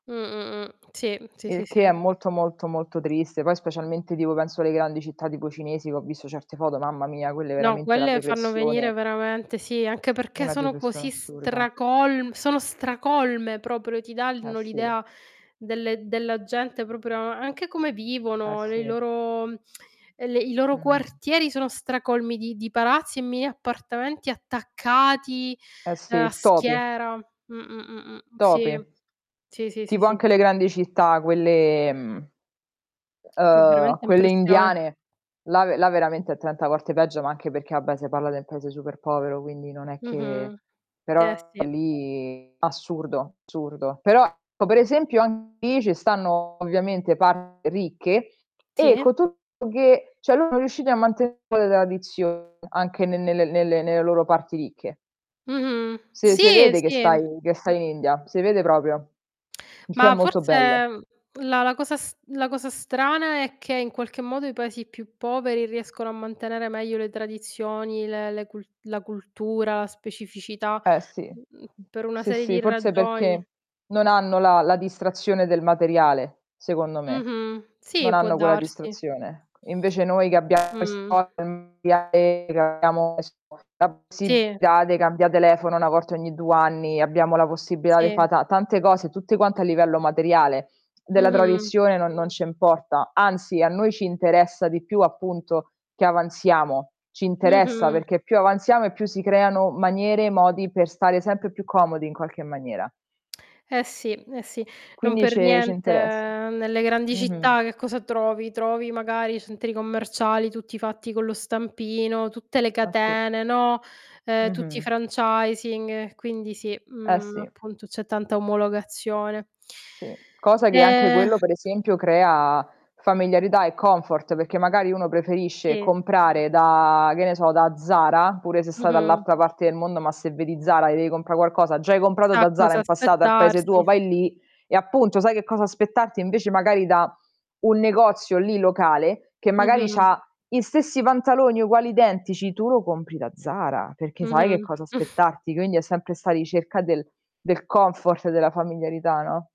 Mh, mh, mh, sì, mh, sì, Il sì, che è sì. molto, molto, molto triste. Poi specialmente, tipo penso alle grandi città, tipo cinesi che ho visto certe foto, mamma mia, quella è No, veramente la quelle fanno depressione venire veramente sì, anche perché Una sono depressione così assurda. stracolm sono stracolme proprio, ti Eh, danno sì. l'idea delle della gente proprio anche come Eh, vivono, lei sì. loro mhmm, e le i loro Mh-mh. quartieri sono stracolmi di di palazzi e mini appartamenti attaccati, Eh ehm, sì, a topi. schiera mh, mh, mh, mh, Topi. sì. Sì, sì, sì, Tipo sì. anche le grandi città, quelle, ehm Fa uhm, veramente quelle impressione. indiane, là ve là veramente è 30 volte peggio, ma anche perché vabbè se parla den paese super povero, quindi non è che Mh-mh. Eh, però sì. lì assurdo, assurdo. Però, ecco per esempio anche lì ce stanno ovviamente parti ricche e Sì. con tutto che cioè loro riusciti a mantenere un po' le tradizioni anche ne nelle nelle nelle loro parti ricche. Mh-mh. Se se Sì, vede che stai sì. che stai in India, se vede proprio. Il che è Ma molto forse, bello. ehm, la la cosa s la cosa strana è che in qualche modo i Paesi più poveri riescono a mantenere meglio le tradizioni, le le cul la cultura, la specificità, Eh sì, mhmm, mh, per una sì, serie sì, di forse perché ragioni. non hanno la la distrazione del materiale, secondo me. Mh-mh. Non Sì, può hanno quella darsi. distrazione. Invece noi che abbiamo Mh. le [unintelligible] abbiamo la Sì. possibilità de cambià telefono 1 volta ogni due anni, abbiamo la possibilità de fa Sì. ta tante cose, tutte quante a livello materiale, della Mh-mh. tradizione no non ce importa, anzi a noi ci interessa di più appunto che avanziamo, ci interessa, Mh-mh. perché più avanziamo e più si creano maniere e modi per stare sempre più comodi in qualche maniera. Eh, sì, eh sì, non Quindi per ce ci niente interessa. nelle grandi Mh-mh. città che cosa trovi? Trovi magari centri commerciali tutti fatti con lo stampino, tutte le Ah, sì. catene, no, ehm, tutti i Mh-mh. franchising, e quindi sì, Eh, mhmm, sì. appunto c'è tanta omologazione. Sì. Cosa che anche Ehm quello, per esempio, crea familiarità e comfort, perché magari uno preferisce Sì. comprare da, che ne so, da Zara, pure se sta Mh-mh. dall'altra parte del mondo, ma se vedi Zara e devi comprà qualcosa, già hai comprato Sa da Zara cosa in passato ar paese tuo, aspettarsi vai lì e appunto sai che cosa aspettarti, invece magari da un negozio lì locale, che magari Mh-mh. c'ha gli stessi pantaloni uguali identici, tu lo compri da Zara, perché sai che Mh-mh. cosa aspettarti, quindi è sempre 'sta ricerca del del comfort e della familiarità, no?